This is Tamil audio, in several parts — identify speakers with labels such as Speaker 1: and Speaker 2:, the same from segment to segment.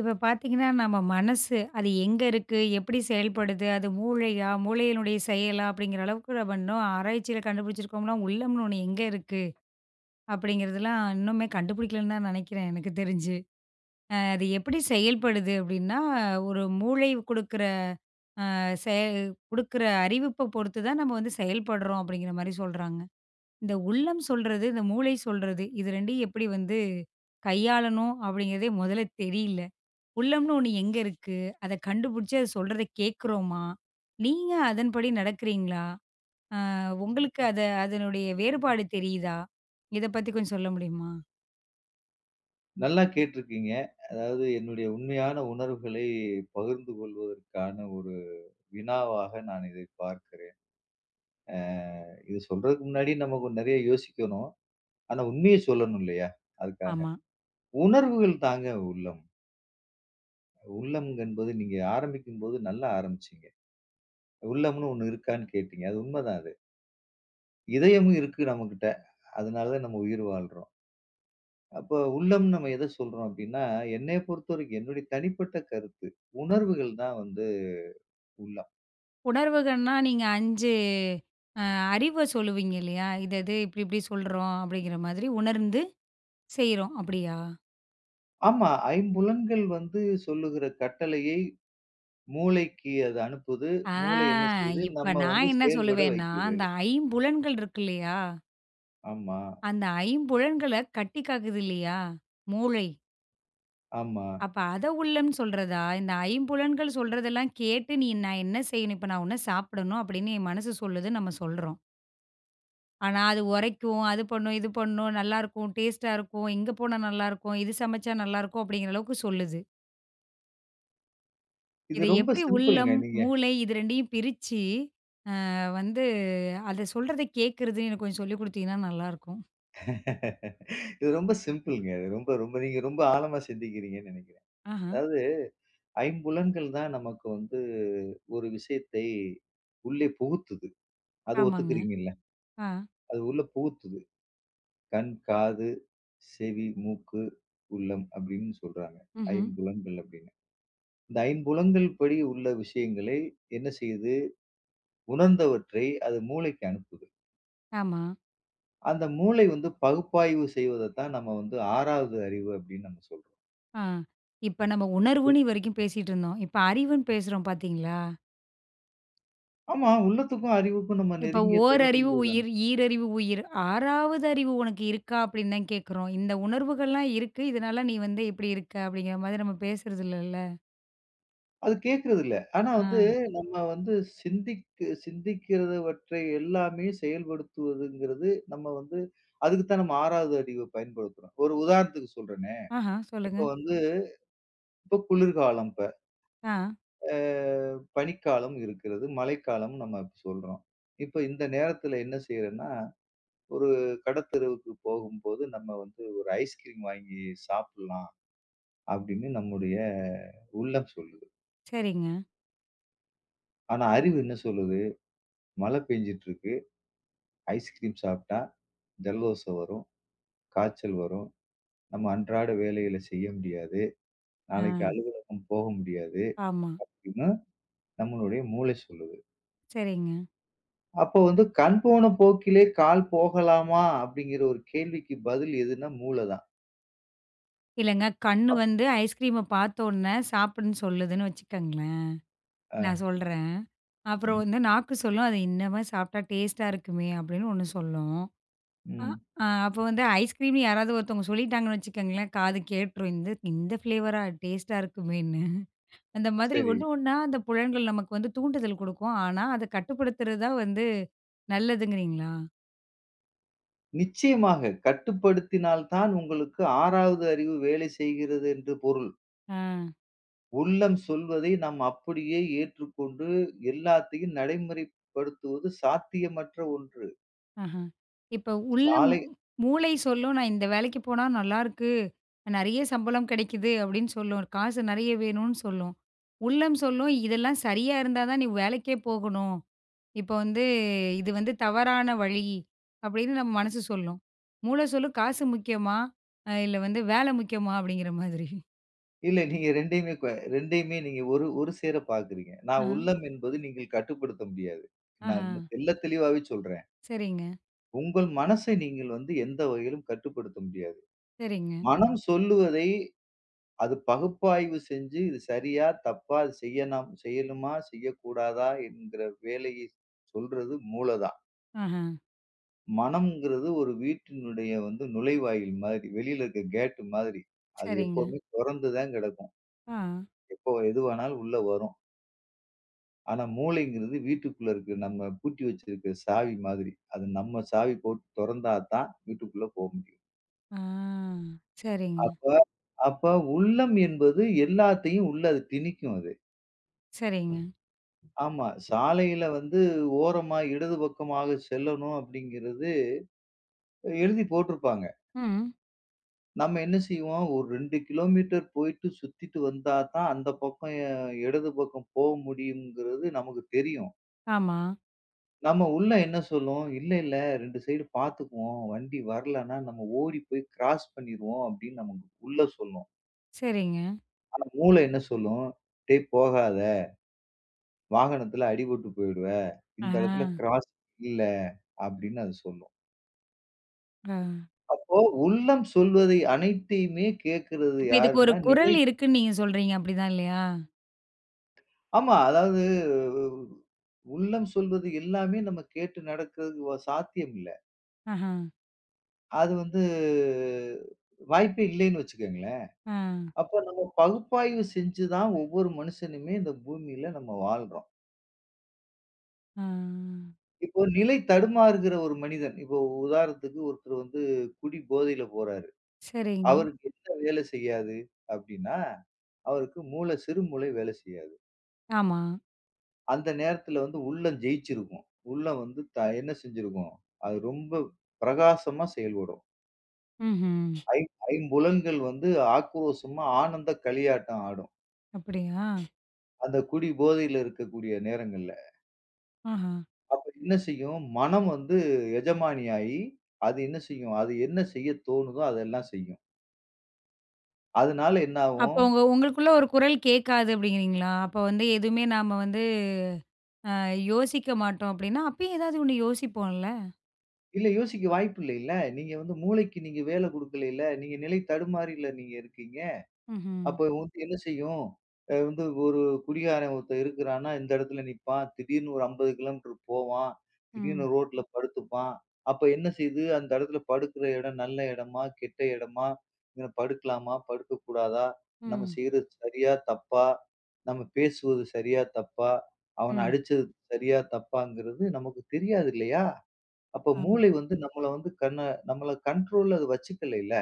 Speaker 1: இப்ப பார்த்தீங்கன்னா நம்ம மனசு அது எங்க இருக்கு, எப்படி செயல்படுது, அது மூளையா, மூளையினுடைய செயலா அப்படிங்கிற அளவுக்கு நம்ம இன்னும் ஆராய்ச்சியில் கண்டுபிடிச்சிருக்கோம்னா உள்ளம்ன்னு ஒண்ணு எங்க இருக்கு? அப்படிங்கிறதுலாம் இன்னுமே கண்டுபிடிக்கலைன்னுதான் நினைக்கிறேன் எனக்குத் தெரிஞ்சு. அ அது எப்படி செயல்படுது அப்படின்னா, ஒரு மூளை குடுக்கிற அ செ குடுக்கிற அறிவைப் பொறுத்துதான் நம்ம வந்து செயல்படுறோம் அப்படிங்கிற மாதிரி சொல்றாங்க. இந்த உள்ளம் சொல்றது, இந்த மூளை சொல்றது இது 2யும் எப்படி வந்து கையாளணும் அப்படிங்கிறதே முதல்ல தெரியல. உள்ளம்ன்னு ஒண்ணு எங்க இருக்கு? அதைக் கண்டுபிடிச்சு அது சொல்றதை கேக்குறோமா? நீங்க அதன்படி நடக்கிறீங்களா? அ உங்களுக்கு அத அதனுடைய வேறுபாடு தெரியுதா? இதைப் பத்தி கொஞ்சம் சொல்ல முடியுமா?
Speaker 2: நல்லா கேட்டுருக்கீங்க. அதாவது என்னுடைய உண்மையான உணர்வுகளை பகிர்ந்து கொள்வதற்கான ஒரு வினாவாக நான் இதைப் பார்க்கிறேன். அ, இதைச் சொல்றதுக்கு முன்னாடி நமக்கு நிறைய யோசிக்கணும். ஆனா உண்மையைச் சொல்லணும் இல்லையா? அதுக்காக.
Speaker 1: ஆமா.
Speaker 2: உணர்வுகள் தாங்க உள்ளம். உள்ளம் என்பது நீங்க ஆரம்பிக்கும்போது நல்லா ஆரம்பிச்சீங்க. உள்ளம்னு ஒண்ணு இருக்கான்னு கேட்டீங்க. அது உண்மைதான் அது. இதயம் இருக்கு நமக்கிட்ட. அதனாலதான் நம்ம உயிர் வாழ்றோம். அப்போ உள்ளம்னு நம்ம எதைச் சொல்றோம் அப்படின்னா, என்னையப் பொறுத்தவரைக்கும் என்னோட தனிப்பட்ட கருத்து, உணர்வுகள் தான் வந்து உள்ளம்.
Speaker 1: உணர்வுகள்ன்னா நீங்க 5 அ அறிவை சொல்லுவீங்க இல்லையா, இது, இது இப்படி இப்படி சொல்றோம் அப்படிங்கிற மாதிரி உணர்ந்து செய்றோம். அப்படியா?
Speaker 2: ஆமா, ஐம்புலன்கள் வந்து சொல்லுகிற கட்டளையை மூளைக்கு அது அனுப்புது.
Speaker 1: ஆ
Speaker 2: மூளை என்ன செஞ்சு
Speaker 1: இப்ப
Speaker 2: நம்ம
Speaker 1: நான்
Speaker 2: வந்து
Speaker 1: என்ன
Speaker 2: செயல்பட
Speaker 1: சொல்லுவேன்னா,
Speaker 2: வைக்குது.
Speaker 1: அந்த ஐம்புலன்கள் இருக்கு இல்லையா?
Speaker 2: ஆமா.
Speaker 1: அந்த ஐம்புலன்களை கட்டிக்காக்குது இல்லையா, மூளை.
Speaker 2: ஆமா.
Speaker 1: அப்ப அதை உள்ளம் சொல்றதா? இந்த ஐம்புலன்கள் சொல்றதெல்லாம் கேட்டு, நீ நான் என்ன செய்யணும்? இப்ப நான் இதைச் சாப்பிடணும் அப்படின்னு என் மனசு சொல்றதுன்னு நம்ம சொல்றோம். ஆனா அது உரைக்கும், அது பண்ணும், இது பண்ணும், நல்லா இருக்கும், டேஸ்ட்டா இருக்கும், இங்க போனா நல்லா இருக்கும், இது சமைச்சா நல்லா இருக்கும் அப்படிங்கிற அளவுக்குச் சொல்லுது.
Speaker 2: இது
Speaker 1: இதை
Speaker 2: ரொம்ப
Speaker 1: எப்படி
Speaker 2: சிம்பிள்ங்க
Speaker 1: உள்ளம்,
Speaker 2: நீங்க
Speaker 1: மூளை இது 2யும் பிரிச்சு அ வந்து அதைச் சொல்றதை கேக்குறதுன்னு கொஞ்சம் சொல்லிக் குடுத்தீங்கன்னா நல்லா இருக்கும்.
Speaker 2: இது ரொம்ப சிம்பிள்ங்க. ரொம்ப ரொம்ப, நீங்க ரொம்ப ஆழமா சிந்திக்கிறீங்கன்னு நினைக்கிறேன்.
Speaker 1: ஆஹம்.
Speaker 2: அதாவது ஐம்புலன்கள் தான் நமக்கு வந்து ஒரு விஷயத்தை உள்ளே புகுத்துது. அதை
Speaker 1: ஆமாங்க.
Speaker 2: ஒத்துக்கிறீங்க இல்ல?
Speaker 1: ஆ.
Speaker 2: அது உள்ள புகுத்துது. கண், காது, செவி, மூக்கு, உள்ளம் அப்படின்னு சொல்றாங்க.
Speaker 1: ம்ஹ்ம்.
Speaker 2: ஐம்புலன்கள் அப்படின்னு. இந்த ஐம்புலன்கள் படி உள்ள விஷயங்களை என்ன செய்து உணர்ந்தவற்றை அது மூளைக்கு அனுப்புது.
Speaker 1: ஆமா.
Speaker 2: அந்த மூளை வந்து பகுப்பாய்வு செய்வதை தான் நம்ம வந்து 6வது அறிவு அப்படின்னு நாம சொல்றோம்.
Speaker 1: ஆ இப்ப நம்ம
Speaker 2: உள்
Speaker 1: உணர்வுன்னு இவரைக்கும் பேசிட்டு இருந்தோம். இப்ப அறிவுன்னு பேசுறோம் பார்த்தீங்களா?
Speaker 2: ஆமா, உள்ளத்துக்கும் அறிவுக்கும் நம்ம
Speaker 1: இப்ப
Speaker 2: நெருங்கிய தொடர்பு
Speaker 1: ஓரறிவு
Speaker 2: உள்ளது.
Speaker 1: உயிர், ஈரறிவு உயிர் 6வது அறிவு உனக்கு இருக்கா அப்படின்னுதான் கேக்குறோம். இந்த உணர்வுகள் எல்லாம் இருக்கு இதனால நீ வந்து இப்படி இருக்க அப்படிங்கிற மாதிரி நம்ம பேசுறது இல்லல்ல.
Speaker 2: அது கேக்குறது இல்ல. ஆனா வந்து
Speaker 1: ஆ.
Speaker 2: நம்ம வந்து சிந்திக்-சிந்திக்கிறவற்றை எல்லாமே செயல்படுத்துவதுங்கிறது நம்ம வந்து அதுக்குத்தான் நம்ம 6வது அறிவப் பயன்படுத்துறோம். ஒரு உதாரணத்துக்குச் சொல்றேனே,
Speaker 1: ஆஹா,
Speaker 2: இப்ப
Speaker 1: சொல்லுங்க.
Speaker 2: வந்து இப்ப குளிர்காலம் இப்ப.
Speaker 1: ஆ.
Speaker 2: ஆ, பனிக்காலம் இருக்கிறது. மழைக்காலம்ன்னு நம்ம இப்ப சொல்றோம். இப்ப இந்த நேரத்துல என்ன செய்றேன்னா, "ஒரு கடைத்தெருவுக்குப் போகும்போது நம்ம வந்து ஒரு வாங்கி சாப்பிடலாம்." அப்டின்னு நம்முடைய உள்ளம் சொல்லுது.
Speaker 1: சரிங்க.
Speaker 2: ஆனா அறிவு என்ன சொல்லுது, "மழை பெய்ஞ்சிட்டு இருக்கு. ஐஸ்கிரீம் சாப்பிட்டா ஜலதோஷம் வரும். காய்ச்சல் வரும். நம்ம அன்றாட வேலைகளச் செய்ய முடியாது. நாளைக்கு
Speaker 1: ஆ.
Speaker 2: அலுவலகம் போக முடியாது."
Speaker 1: ஆமா.
Speaker 2: அப்டின்னு நம்மளுடைய மூளை சொல்லுது.
Speaker 1: சரிங்க.
Speaker 2: அப்போ வந்து "கண் போன போக்கிலே கால் போகலாமா?" அப்டிங்கிற ஒரு கேள்விக்கு பதில் எதுன்னா, மூளதான்.
Speaker 1: இல்லங்க. கண்ணு
Speaker 2: அப்
Speaker 1: வந்து ஐஸ்கிரீம பார்த்தவுடனே சாப்பிடன்னு சொல்லுதுன்னு வச்சுக்கங்களேன். நான்
Speaker 2: அ.
Speaker 1: சொல்றேன். அப்புறம்
Speaker 2: ம்.
Speaker 1: வந்து நாக்கு சொல்லும் அத இன்னம சாப்பிட்டா டேஸ்ட்டா இருக்குமே அப்டின்னு ஒண்ணு சொல்லும்.
Speaker 2: ம்.
Speaker 1: அ, அப்ப வந்து ஐஸ்கிரீம் யாராது ஒருத்தவங்க சொல்லிட்டாங்கன்னு வச்சுக்கங்களேன் காது கேட்ருக்கும் இந்த இந்த ஃப்லேவரா டேஸ்ட்டா இருக்குமேன்னு. அந்த மாதிரி
Speaker 2: சரி.
Speaker 1: ஒண்ணு ஒண்ணா அந்தப் புலன்கள் நமக்கு வந்து தூண்டுதல் குடுக்கும். ஆனா அதக் கட்டுப்படுத்துறதுதான் வந்து நல்லதுங்கறீங்களா?
Speaker 2: நிச்சயமாக கட்டுப்படுத்தினால் தான் உங்களுக்கு 6வது அறிவு வேலை செய்கிறது என்று பொருள்.
Speaker 1: ஆ.
Speaker 2: உள்ளம் சொல்வதை நாம் அப்படியே ஏற்றுக்கொண்டு எல்லாத்தையும் நடைமுறைப்படுத்துவது சாத்தியமற்ற ஒன்று.
Speaker 1: அஹா. இப்ப உள்ளம்
Speaker 2: சாலை
Speaker 1: மூளை சொல்லும் நான் இந்த வேலைக்குப் போனா நல்லா இருக்கு. நெறைய சம்பளம் கிடைக்குது அப்படின்னு சொல்லும். காசு நெறைய வேணும்னு சொல்லும். உள்ளம் சொல்லும் இதெல்லாம் சரியா இருந்தாதான் நீ வேலைக்கே போகணும். இப்ப வந்து இது வந்து தவறான வழி அப்படின்னு நம்ம மனசு சொல்லும். மூளை சொல்லும் காசு முக்கியமா இல்ல வந்து வேலை முக்கியமா அப்படிங்கிற மாதிரி.
Speaker 2: இல்ல நீங்க இரண்டையுமே ப இரண்டையுமே நீங்க ஒரு ஒரு சேர பாக்குறீங்க. நான்
Speaker 1: அஹ.
Speaker 2: உள்ளம் என்பது நீங்க கட்டுப்படுத்த முடியாது. நான்
Speaker 1: ஆஹா.
Speaker 2: தெள்ள தெளிவாவே சொல்றேன்.
Speaker 1: சரிங்க.
Speaker 2: உங்கள் மனசை நீங்க வந்து எந்த வகையிலும் கட்டுப்படுத்த முடியாது.
Speaker 1: சரிங்க.
Speaker 2: மனம் சொல்லுவதை அது பகுப்பாய்வு செஞ்சு இது சரியா, தப்பா, செய்யனாம் செய்யலாமா, செய்யக்கூடாதா என்கிற வேலையை சொல்றது மூளைதான்.
Speaker 1: ஆஹா.
Speaker 2: மனங்குறது ஒரு வீட்டினுடைய வந்து நுழைவாயில் மாரி. வெளியில இருக்க கேட் மாதிரி. அது
Speaker 1: சரிங்க.
Speaker 2: எப்பவுமே தொறந்துதான் கிடக்கும்.
Speaker 1: ஆ.
Speaker 2: எப்போ எதுவானாலும் உள்ள வரும். ஆனா மூளைங்கிறது வீட்டுக்குள்ள இருக்கு நம்ம பூட்டி வச்சிருக்கிற சாவி மாதிரி. அது நம்ம சாவி போட்டுத் தொறந்தா தான் வீட்டுக்குள்ள போக முடியும்.
Speaker 1: ஆ சரிங்க.
Speaker 2: அப்போ அப்போ உள்ளம் என்பது எல்லாத்தையும் உள்ள அது திணிக்கும் அது.
Speaker 1: சரிங்க.
Speaker 2: ஆமா, சாலையில வந்து ஓரமா இடது பக்கமாகச் செல்லணும் அப்டிங்கிறது எழுதிப் போட்டுருப்பாங்க.
Speaker 1: ம்.
Speaker 2: நம்ம என்ன செய்வோம், ஒரு 2 கிலோமீட்டர் போயிட்டு சுத்திட்டு வந்தா தான் அந்தப் பக்கம் இடது பக்கம் போ முடியும்ங்கிறது நமக்குத் தெரியும்.
Speaker 1: ஆமா.
Speaker 2: நம்ம உள்ள என்ன சொல்லும்? இல்ல இல்ல 2 ஸைட் பாத்துக்கோவோம். வண்டி வரலன்னா நம்ம ஓடிப் போய் க்ராஸ் பண்ணிருவோம் அப்டின்னு நம்ம உள்ள சொல்லும்.
Speaker 1: சரிங்க.
Speaker 2: ஆனா மூள என்ன சொல்லும்? டேய் போகாத வாகனத்துல அடிபட்டுப் போயிடுவ.
Speaker 1: ஆ.
Speaker 2: இந்த இடத்துல க்ராஸ் இல்ல அப்டின்னு அது சொல்லும்.
Speaker 1: ஆ.
Speaker 2: அப்போ உள்ளம் சொல்வதை அனைத்தையுமே கேட்கிறது
Speaker 1: இப்ப இதுக்கு ஒரு
Speaker 2: யாருன்னா
Speaker 1: குரல்
Speaker 2: நிலை
Speaker 1: இருக்கு நீங்கச் சொல்றீங்க, அப்டித்தான் இல்லையா?
Speaker 2: ஆமா. அதாவது உள்ளம் சொல்வது எல்லாமே நம்ம கேட்டு நடக்கிறது வ சாத்தியம் இல்ல.
Speaker 1: ஆஹ.
Speaker 2: அது வந்து வாய்ப்பே இல்லைன்னு வச்சுக்கோங்களேன்.
Speaker 1: ஆ.
Speaker 2: அப்போ நம்ம பகுப்பாய்வு செஞ்சு தான் ஒவ்வொரு மனுஷனுமே இந்த பூமியில நம்ம வாழுறோம்.
Speaker 1: ஆ.
Speaker 2: இப்போ நிலைதடுமாறுகிற ஒரு மனிதன். இப்போ உதாரணத்துக்கு ஒருத்தர் வந்து குடிபோதையில போறாரு.
Speaker 1: சரிங்க.
Speaker 2: அவருக்கு எந்த வேலை செய்யாது? அப்படின்னா அவருக்கு மூளை, சிறு மூளை வேலை செய்யாது.
Speaker 1: ஆமா.
Speaker 2: அந்த நேரத்துல வந்து உள்ளம் ஜெயிச்சிருக்கும். உள்ள வந்து என்ன செஞ்சிருக்கும், அது ரொம்ப பிரகாசமா செயல்படும்.
Speaker 1: ம்ஹ்ம்.
Speaker 2: ஐம் ஐம்புலன்கள் வந்து ஆக்ரோஷமா ஆனந்தக் களியாட்டம் ஆடும்.
Speaker 1: அப்படியா?
Speaker 2: அந்தக் குடிபோதையில இருக்கக்கூடிய நேரங்கள்ல.
Speaker 1: ஆஹா.
Speaker 2: அப்ப என்ன செய்யும்? மனம் வந்து எஜமானி ஆயி அது என்ன செய்யும். அது என்ன செய்யத் தோணுதோ அதெல்லாம் செய்யும். அதனால
Speaker 1: அப்ப
Speaker 2: என்னாவும்
Speaker 1: உங்க உங்களுக்குள்ள ஒரு குரல் கேட்காது அப்படிங்கறீங்களா? அப்ப வந்து எதுவுமே நாம வந்து அ யோசிக்க மாட்டோம் அப்படின்னா, அப்பவும் ஏதாவது 1 யோசிப்போம் இல்ல?
Speaker 2: இல்ல யோசிக்க வாய்ப்பு இல்லல்ல. நீங்க வந்து மூளைக்கு நீங்க வேலை குடுக்கல. நீங்க நிலை தடுமாறல் நீங்க இருக்கீங்க.
Speaker 1: ம்ஹ்ம்.
Speaker 2: அப்போ உங்களுக்கு என்ன செய்யும்? வந்து ஒரு குடிகாரன் ஒருத்தர் இருக்கிறானா, எந்த இடத்துல நிப்பான்? திடீர்னு ஒரு 50கிலோமீட்டர் போவான். திடீர்னு
Speaker 1: ம்.
Speaker 2: ரோட்ல படுத்துப்பான். அப்ப என்ன செய்து அந்த இடத்துல படுக்குற இடம் நல்ல இடமா? கெட்ட இடமா? படுக்கலாமா, படுக்கக் கூடாதா? நாம
Speaker 1: ம்.
Speaker 2: செய்யறது சரியா தப்பா? நாம பேசுவது சரியா தப்பா, அவனை
Speaker 1: ம்.
Speaker 2: அடிச்சது சரியா தப்பான்றது நமக்குத் தெரியாது இல்லையா, அப்போ
Speaker 1: ஆம்.
Speaker 2: மூளை வந்து நம்மள வந்து கன்ன நம்மள கன்ட்ரோல்ல அது வச்சுக்கல இல்ல.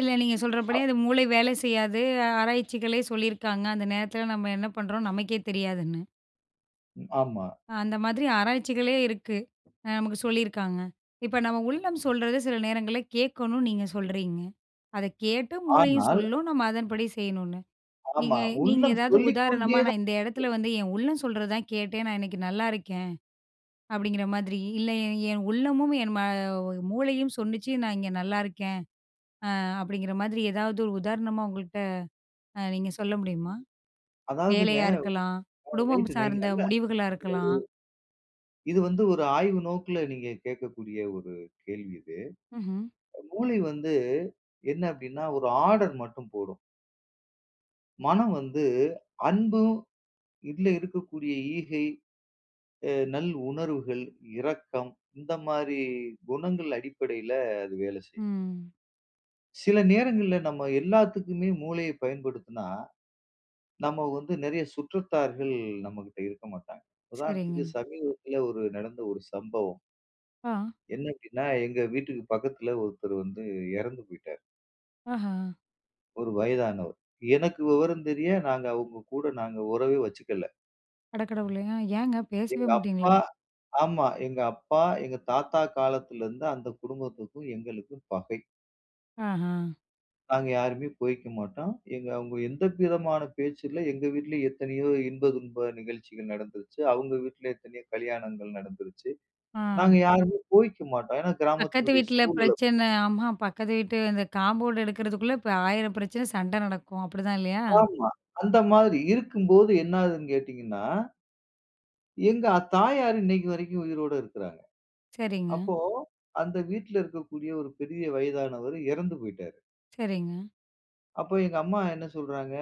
Speaker 1: இல்ல, நீங்க சொல்றபடியே அது மூளை வேலை செய்யாது. ஆராய்ச்சிகளே சொல்லி இருக்காங்க அந்த நேரத்துல நாம என்ன பண்றோம் நமக்கே தெரியாதுன்னு.
Speaker 2: ஆமா.
Speaker 1: அந்த மாதிரி ஆராய்ச்சிகளே இருக்கு. அ நமக்குச் சொல்லி இருக்காங்க. இப்ப நம்ம உள்ளம் சொல்றதை சில நேரங்கள்ல கேக்கணும் நீங்கச் சொல்றீங்க. அதைக் கேட்டு, மூளையும்
Speaker 2: ஆனால்
Speaker 1: சொல்லும், நாம அதன்படி செய்யணும்னு.
Speaker 2: ஆமா.
Speaker 1: நீங்க நீங்க
Speaker 2: உள்ளம்
Speaker 1: ஏதாவது
Speaker 2: சொல்லிக்
Speaker 1: உதாரணமா
Speaker 2: கொண்டே தான்
Speaker 1: நான் இந்த இடத்துல
Speaker 2: [unintelligible]
Speaker 1: வந்து என் உள்ளம் சொல்றதைதான் கேட்டேன், நான் இன்னைக்கு நல்லா இருக்கேன். அப்படிங்கிற மாதிரி இல்ல என் என் உள்ளமும் என் மூளையும் சொல்லிச்சு நான் இங்க நல்லா இருக்கேன். அ அப்படிங்கிற மாதிரி எதாவது உதாரணமா உங்கள்ட்ட நீங்க சொல்ல முடியுமா?
Speaker 2: அதாவதுங்க
Speaker 1: வேலையா இருக்கலாம். குடும்பம்
Speaker 2: நீங்க
Speaker 1: சார்ந்த
Speaker 2: [unintelligible]
Speaker 1: முடிவுகளா இருக்கலாம்.
Speaker 2: இது வந்து ஒரு ஆய்வு நோக்குல நீங்கக் கேட்கக்கூடிய ஒரு கேள்வி இது.
Speaker 1: ம்ஹ்ம்.
Speaker 2: மூளை வந்து என்ன அப்படின்னா ஒரு ஆர்டர் மட்டும் போடும். மனம் வந்து அன்பும் இதுல இருக்கக்கூடிய ஈகை, அ நல் உணர்வுகள், இரக்கம் இந்த மாதிரி குணங்கள் அடிப்படையில அது வேலை செய்யும்.
Speaker 1: ம்.
Speaker 2: சில நேரங்கள்ல நம்ம எல்லாத்துக்குமே மூளையை பயன்படுத்தினா நாம வந்து நிறைய சுற்றத்தார்கள் நம்மகிட்ட இருக்க மாட்டாங்க. உதாரணத்துக்கு
Speaker 1: சரிங்க.
Speaker 2: சமீபத்துல ஒரு நடந்த ஒரு சம்பவம்.
Speaker 1: ஆ.
Speaker 2: என்ன அப்படின்னா எங்க வீட்டுக்குப் பக்கத்துல ஒருத்தர் வந்து இறந்து போயிட்டாரு.
Speaker 1: ஆஹ.
Speaker 2: ஒரு வயதானவர். எனக்கு விவரம் தெரிய நாங்க அவங்க கூட நாங்க உறவே வச்சுக்கல.
Speaker 1: அட கடவுளே! ஏங்க பேசவே
Speaker 2: எங்க
Speaker 1: மாட்டீங்களா?
Speaker 2: அப்பா. ஆமா. எங்க அப்பா எங்க தாத்தா காலத்துல இருந்து அந்தக் குடும்பத்துக்கும் எங்களுக்கும் பகை.
Speaker 1: அஹ்ம்.
Speaker 2: நாங்க யாருமே போய்க்க மாட்டோம். எங்க அவங்க எந்த விதமான பேச்சு இல்ல. எங்க வீட்டுல எத்தனையோ இன்ப துக்க நிகழ்ச்சிகள் நடந்துருச்சு. அவங்க வீட்டுல எத்தனையோ கல்யாணங்கள் நடந்துருச்சு. நாங்க
Speaker 1: அ.
Speaker 2: யாரும் போய்க்க மாட்டோம். ஏன்னா
Speaker 1: பக்கத்து
Speaker 2: கிராமத்துளுடைய
Speaker 1: வீட்ல
Speaker 2: சூழல் அப்படி
Speaker 1: பிரச்சனை. ஆமா பக்கத்து வீட்டு அந்த காம்பவுன்டு எடுக்கறதுக்குள்ள ப 1000 பிரச்சனை சண்ட நடக்கும் அப்டித்தான் இல்லயா?
Speaker 2: ஆமா. அந்த மாதிரி இருக்கும் போது என்னாதுன்னு கேட்டீங்கன்னா, எங்க தாயார் இன்னைக்கு வரைக்கும் உயிரோட இருக்காங்க.
Speaker 1: சரிங்க.
Speaker 2: அப்போ அந்த வீட்டுல இருக்கக்கூடிய ஒரு பெரிய வயதானவர் இறந்து போயிட்டாரு.
Speaker 1: சரிங்க.
Speaker 2: அப்போ எங்க அம்மா என்ன சொல்றாங்க.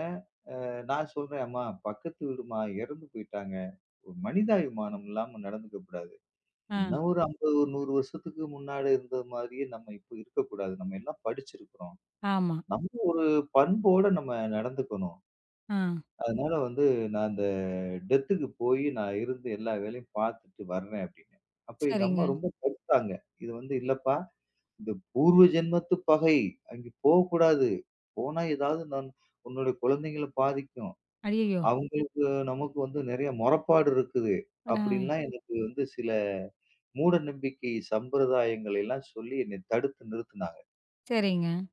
Speaker 2: அ நான் சொல்றேன். அம்மா பக்கத்து வீடுமா இறந்து போயிட்டாங்க. ஒரு மனிதாபிமானம் இல்லாம நடந்துக்கக் கூடாது.
Speaker 1: ஆ.
Speaker 2: இன்னும் ஒரு 50, 100 வருஷத்துக்கு முன்னாடி இருந்த மாதிரியே நாம இப்ப இருக்கக் கூடாது. நாம எல்லாம் படிச்சிருக்கோம்.
Speaker 1: ஆமா.
Speaker 2: நம்ம ஒரு பண்போட நம்ம நடந்துக்கணும்.
Speaker 1: ஆ.
Speaker 2: அதனால வந்து நான் அந்த டெத்துக்கு போயி, நான் இருந்து எல்லா வேலையும் பாத்துட்டு வரேன் அப்படின்னு. அப்போ எங்க அம்மா
Speaker 1: சரிங்க.
Speaker 2: ரொம்ப. [unintelligible] இது வந்து இல்லப்பா. இந்த பூர்வ ஜென்மத்து பகை. அங்க போகக் கூடாது. போனா ஏதாவது உன்னுடைய குழந்தைகளை பாதிக்கும்.
Speaker 1: அய்யய்யோ!
Speaker 2: அவங்களுக்கு நமக்கு வந்து நிறைய முறைப்பாடு இருக்குது.
Speaker 1: ஆ.
Speaker 2: அப்படின்னு எல்லாம் எனக்கு வந்து சில மூடநம்பிக்கை, சம்பிரதாயங்களை எல்லாம் சொல்லி என்னைத் தடுத்து நிறுத்துனாங்க.
Speaker 1: சரிங்க.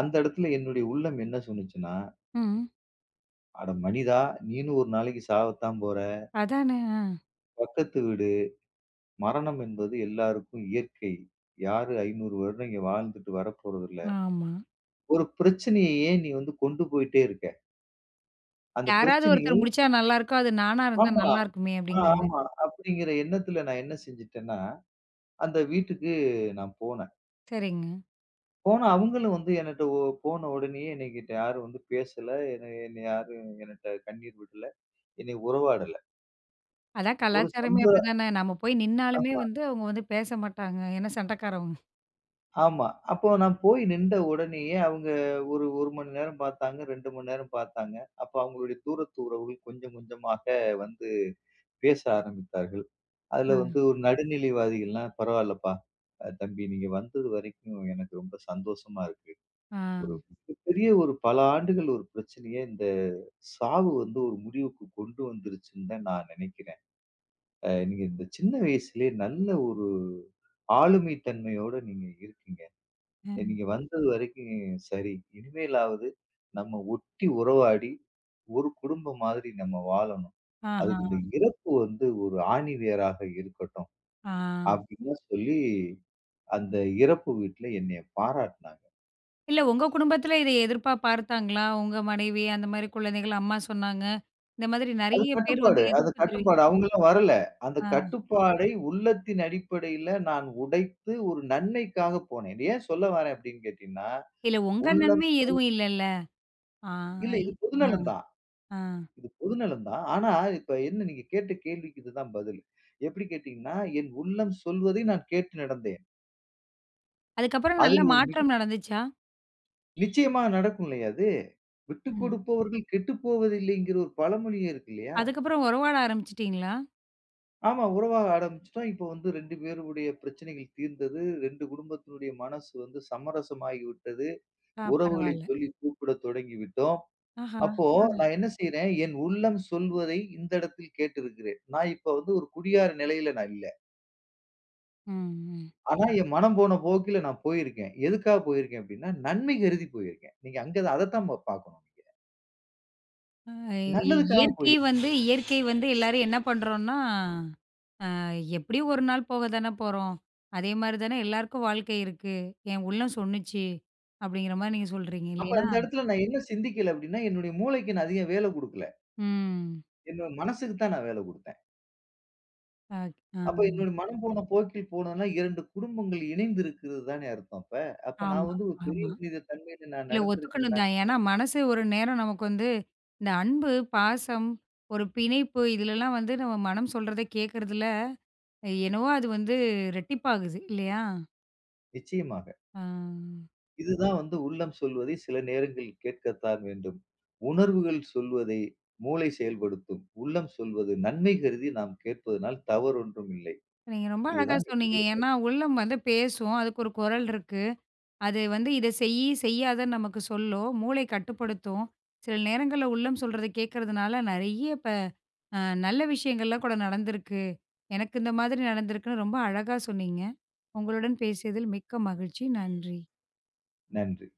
Speaker 2: அந்த இடத்துல என்னுடைய உள்ளம் என்ன சொன்னுச்சுன்னா.
Speaker 1: ம்.
Speaker 2: அட மனிதா. நீயும் ஒரு நாளைக்கு சாவத்தான் போற
Speaker 1: அதானே, அ!
Speaker 2: பக்கத்து வீடு. மரணம் என்பது எல்லாருக்கும் இயற்கை. யாரு 500 வருடம் இங்க வாழ்ந்துட்டு வரப்போறது இல்ல.
Speaker 1: ஆமா.
Speaker 2: ஒரு பிரச்சனையை ஏன் நீ வந்து கொண்டு போயிட்டே இருக்க? அந்தப்
Speaker 1: யாராவது ஒருத்தர்
Speaker 2: பிரச்சனையை
Speaker 1: முடுச்சா நல்லா இருக்கும், அது நானா இருந்தா
Speaker 2: ஆமா
Speaker 1: நல்லாயிருக்குமே அப்டிங்கிற மா
Speaker 2: ஆமா அப்படிங்கிற எண்ணத்துல நான் என்ன செஞ்சுட்டேன்னா அந்த வீட்டுக்கு நான் போனேன்.
Speaker 1: சரிங்க.
Speaker 2: போன அவங்களும் வந்து என்னட்ட போனவுடனே என்னகிட்ட யாரும் வந்து பேசல. என்னை யாரும் என்னட்ட கண்ணீர் விடல. என்னை உறவாடல.
Speaker 1: அதான்
Speaker 2: ஒரு
Speaker 1: கலாச்சாரமே
Speaker 2: [unintelligible]
Speaker 1: அப்டிதானே. நம்ம போயி நின்னாலுமே
Speaker 2: ஆமா.
Speaker 1: வந்து அவங்க வந்துபேச மாட்டாங்க. ஏன்னா, சண்ட காரவங்க.
Speaker 2: ஆமா. அப்போ நான் போய் நின்ட உடனேயே அவங்க ஒரு 1 மணி நேரம் பாத்தாங்க. 2 மணி நேரம் பாத்தாங்க. அப்ப அவங்களுடைய தூரத்து உறவுகள் கொஞ்சம் கொஞ்சமாக வந்து பேச ஆரம்பித்தார்கள். அதுல
Speaker 1: அ.
Speaker 2: வந்து ஒரு நடுநிலைவாதிகள்லாம் பரவால்லப்பா. தம்பி நீங்க வந்தது வரைக்கும் எனக்கு ரொம்ப சந்தோஷமா இருக்கு. ஒரு
Speaker 1: ஆ.
Speaker 2: மிக பெரிய ஒரு பல ஆண்டுகள் ஒரு பிரச்சனைய இந்தச் சாவு வந்து ஒரு முடிவுக்குக் கொண்டு வந்துருச்சுன்னு நான் நெனைக்கிறேன். அ நீங்க இந்தச் சின்ன வயசுலயே நல்ல ஒரு ஆளுமைத்தன்மையோட நீங்க இருக்கீங்க.
Speaker 1: ம்.
Speaker 2: நீங்க வந்தது வரைக்கும் சரி. இனிமேலாவது நம்ம ஒட்டி உறவாடி ஒரு குடும்பம் மாதிரி நம்ம வாழணும். அதுக்கு இந்த
Speaker 1: ஆஹா.
Speaker 2: இறப்பு வந்து ஒரு ஆணிவேராக இருக்கட்டும்,
Speaker 1: ஆ.
Speaker 2: அப்டின்னு சொல்லி அந்த இறப்பு வீட்ல என்னைய பாராட்னாங்க.
Speaker 1: இல்ல உங்க குடும்பத்துல இதை எதிர்ப்பா பார்த்தாங்களா? உங்க மனைவி அந்த மாரி குழந்தைகள். அம்மா சொன்னாங்க. இந்த மாதிரி
Speaker 2: அது
Speaker 1: நெறைய பேர் வந்து
Speaker 2: கட்டுப்பாடு அது
Speaker 1: எதிர்ப்பு தெரிவித்
Speaker 2: கட்டுப்பாடு. அவங்கலாம் வரல. அந்தக்
Speaker 1: ஆ.
Speaker 2: கட்டுப்பாடை உள்ளத்தின் அடிப்படையில நான் உடைத்து ஒரு நன்மைக்காகப் போனேன். இத ஏன் சொல்ல வர்றேன் அப்டின்னு கேட்டீங்கன்னா,
Speaker 1: இல்ல உங்க
Speaker 2: உள்ளம்
Speaker 1: நன்மை
Speaker 2: சொல்
Speaker 1: எதுவும் இல்லல்ல. ஆ,
Speaker 2: இல்ல இது பொது
Speaker 1: அ.
Speaker 2: நலம் தான்.
Speaker 1: அ.
Speaker 2: இது பொது நலம் தான். ஆனா, இப்ப என்ன நீங்கக் கேட்ட கேள்விக்கு இதுதான் பதில். எப்டி கேட்டீங்கன்னா, என் உள்ளம் சொல்வதை நான் கேட்டு நடந்தேன்.
Speaker 1: அதுக்கப்புறம் நல்ல
Speaker 2: அதில் ஒரு மிக
Speaker 1: மாற்றம் நடந்துச்சா?
Speaker 2: நிச்சயமா நடக்கும் இல்லையா அது?
Speaker 1: ம்.
Speaker 2: விட்டுக்கொடுப்பவர்கள் கெட்டுப்போவதில்லைங்கிற ஒரு பழமொழியே இருக்கு இல்லையா?
Speaker 1: அதுக்கப்புறம் உறவாட ஆரம்பிச்சிட்டீங்களா?
Speaker 2: ஆமா. உறவாக ஆரம்பிச்சிட்டோம். இப்ப வந்து ரெண்டு பேருடைய பிரச்சனைகள் தீர்ந்தது. ரெண்டு குடும்பத்துனுடைய மனசு வந்து சமரசமாகிவிட்டது.
Speaker 1: ஆ.
Speaker 2: உறவுகளை
Speaker 1: பரவாயில்ல.
Speaker 2: சொல்லி கூப்பிட தொடங்கிவிட்டோம்.
Speaker 1: ஆஹா.
Speaker 2: அப்போ
Speaker 1: ம்.
Speaker 2: நான் என்ன செய்றேன்? என் உள்ளம் சொல்வதை இந்த இடத்தில் கேட்டிருக்கிறேன். நான் இப்ப வந்து ஒரு குடியார நிலையில நான் இல்ல.
Speaker 1: ம்.
Speaker 2: ஆனா என் மனம் போன போக்கிலே நான் போயிருக்கேன். எதுக்காகப் போயிருக்கேன் அப்படின்னா நன்மை கருதி போயிருக்கேன். நீங்க அங்க அதத்தான் பாக்கணும் நீங்க.
Speaker 1: அ
Speaker 2: நல்லதுக்காகப்
Speaker 1: இயற்கை
Speaker 2: போயிருக்கேன்.
Speaker 1: வந்து இயற்கை வந்து எல்லாரும் என்ன பண்றோம்னா அ எப்படி ஒரு நாள் போகத்தானே போறோம். அதே மாரி தான் எல்லாருக்கும் வாழ்க்கை இருக்கு. என் உள்ளம் சொல்லுச்சி அப்படிங்கற மாரி நீங்க சொல்றீங்க
Speaker 2: அப்போ
Speaker 1: இல்லையா?
Speaker 2: அந்த இடத்துல நான் என்ன சிந்திக்கல அப்படின்னா என்னுடைய மூளைக்கு நான் அதிகம் வேலை குடுக்கல.
Speaker 1: ம்.
Speaker 2: என்னோட மனசுக்கு தான் நான் வேலை குடுத்தேன்.
Speaker 1: அ ஆ.
Speaker 2: அப்போ என்னோட மனம் போன போக்கில் போனோம்னா இரண்டு குடும்பங்கள் இணைந்திருக்கிறதுதானே அர்த்தம் அப்ப அப்போ நான்
Speaker 1: ஆமா
Speaker 2: வந்து ஒரு பெரிய
Speaker 1: ஆமா.
Speaker 2: மனித தன்மையில் நான்
Speaker 1: இல்ல
Speaker 2: நடந்து
Speaker 1: ஒத்துக்கணும் தான்.
Speaker 2: [unintelligible]
Speaker 1: ஏன்னா மனசு ஒரு நேரம் நமக்கு வந்து இந்த அன்பு பாசம், ஒரு பிணைப்பு. இதுலல்லாம் வந்து நம்ம மனம் சொல்றதை கேக்குறதுல என்னவோ அது வந்து இரட்டிப்பாகுது இல்லையா?
Speaker 2: நிச்சயமாக.
Speaker 1: ஆ.
Speaker 2: இதுதான் வந்து உள்ளம் சொல்வதை சில நேரங்களில் கேட்கத்தான் வேண்டும். உணர்வுகள் சொல்வதை மூளை செயல்படுத்தும். உள்ளம் சொல்வது நன்மை கருதி நாம் கேட்பதனால் தவறு ஒன்றும் இல்லை.
Speaker 1: நீங்க ரொம்ப அழகா
Speaker 2: இதுதான்
Speaker 1: சொன்னீங்க.
Speaker 2: என்னுடைய கருத்து.
Speaker 1: ஏன்னா உள்ளம் வந்து பேசும். அதுக்கு ஒரு குரல் இருக்கு. அது வந்து இத செய் செய்யாத நமக்கு சொல்லும் மூளை கட்டுப்படுத்தும். சில நேரங்கள்ல உள்ளம் சொல்றதை கேக்குறதுனால நெறைய ப அ நல்ல விஷயங்கள்லாம் கூட நடந்துருக்கு. எனக்கு இந்த மாதிரி நடந்துருக்கு ரொம்ப அழகா சொன்னீங்க. உங்களுடன் பேசியதில் மிக்க மகிழ்ச்சி. நன்றி.
Speaker 2: நன்றி.